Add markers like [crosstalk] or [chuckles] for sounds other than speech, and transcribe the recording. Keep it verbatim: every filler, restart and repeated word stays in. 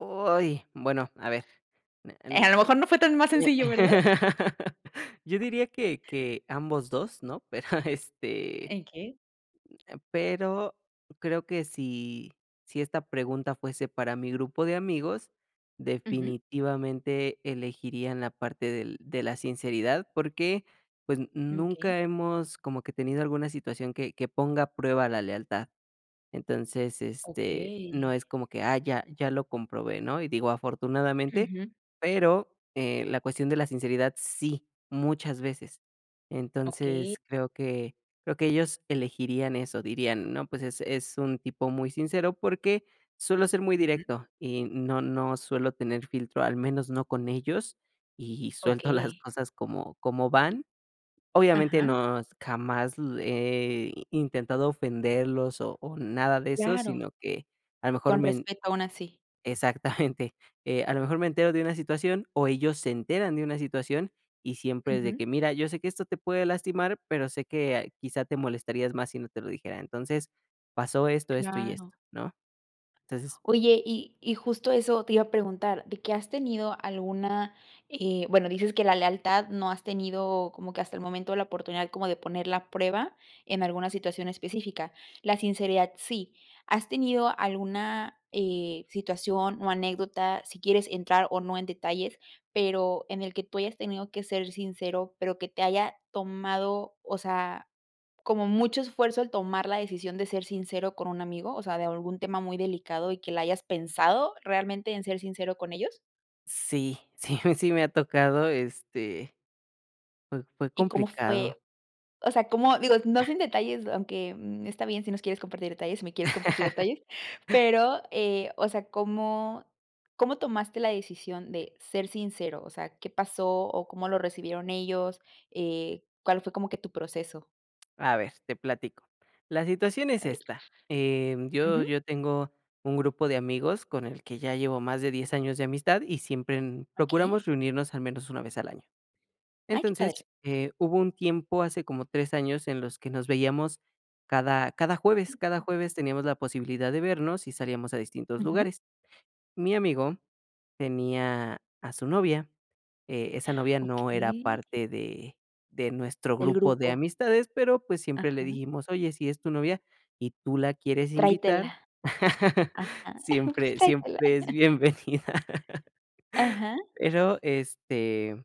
Uy, bueno, a ver, me Eh, n a lo mejor no fue tan más sí, sencillo, ¿verdad? [laughs] yo diría que que ambos dos, ¿no? [chuckles] Pero, este, eh, Okey. pero creo que si si esta pregunta fuese para mi grupo de amigos, Ujú. definitivamente elegiría en la parte del de la sinceridad, porque, pues, Okey. nunca hemos como que tenido alguna situación que que ponga a prueba la lealtad. Entonces, este, no es Okey. como que, ah, ya ya lo comprobé, ¿no? Y digo afortunadamente, Ujú. pero, eh, la cuestión de la sinceridad sí, muchas veces. Okey. Entonces, creo que creo que ellos elegirían eso, dirían: "No, pues es es un tipo muy sincero", porque suelo ser muy Ujú. directo, y no no suelo tener filtro, al menos no con ellos, y suelto las Okey. cosas como como van. Obviamente Ajá. nos jamás he intentado ofenderlos, o o, nada de eso, Claro. sino que a lo mejor Con men respeto, aun así. exactamente, eh, a lo mejor me entero de una situación, o, ellos se enteran de una situación y siempre es de Ujú. que: "Mira, yo sé que esto te puede lastimar, pero sé que quizá te molestarías más si no te lo dijera". Entonces pasó esto, esto, y esto, Claro. ¿no? Entonces Oye, y y justo eso te iba a preguntar, de que, ¿has tenido alguna eh, bueno, dices que la lealtad no has tenido como que hasta el momento la oportunidad como de poner la prueba en alguna situación específica? La sinceridad, sí. ¿Has tenido alguna, eh, situación, o, anécdota, si quieres entrar, o, no en detalles, pero en el que tú hayas tenido que ser sincero, pero que te haya tomado, o sea, como mucho esfuerzo el tomar la decisión de ser sincero con un amigo, o sea, de algún tema muy delicado, y que la hayas pensado realmente en ser sincero con ellos? Sí, sí, sí me ha tocado, este, fue fue ¿Y cómo complicado. fue? O sea, ¿cómo? Digo, no sin detalles, aunque, mm, está bien si no quieres compartir detalles, si me quieres compartir detalles, [chuckles] pero, eh, o sea, ¿cómo cómo tomaste la decisión de ser sincero? O sea, ¿qué pasó o cómo lo recibieron ellos? Eh, ¿cuál fue como que tu proceso? A ver, te platico. La situación es A ver. esta, eh, yo Ujú. yo tengo un grupo de amigos con el que ya llevo más de diez años de amistad y siempre, mm, Okey. procuramos reunirnos al menos una vez al año. Ay, qué padre. Entonces, eh, hubo un tiempo hace como tres años en los que nos veíamos cada cada jueves. Cada jueves teníamos la posibilidad de vernos y salíamos a distintos Ujú. lugares. Mi amigo tenía a su novia, eh, esa novia no era Okey. parte de de nuestro El grupo de grupo. amistades, pero, pues, siempre le Ajá. dijimos: "Oye, si es tu novia y tú la quieres invitar, Tráetela. [laughs] Ajá. siempre Tráetela. siempre es bienvenida". Ajá. Pero, este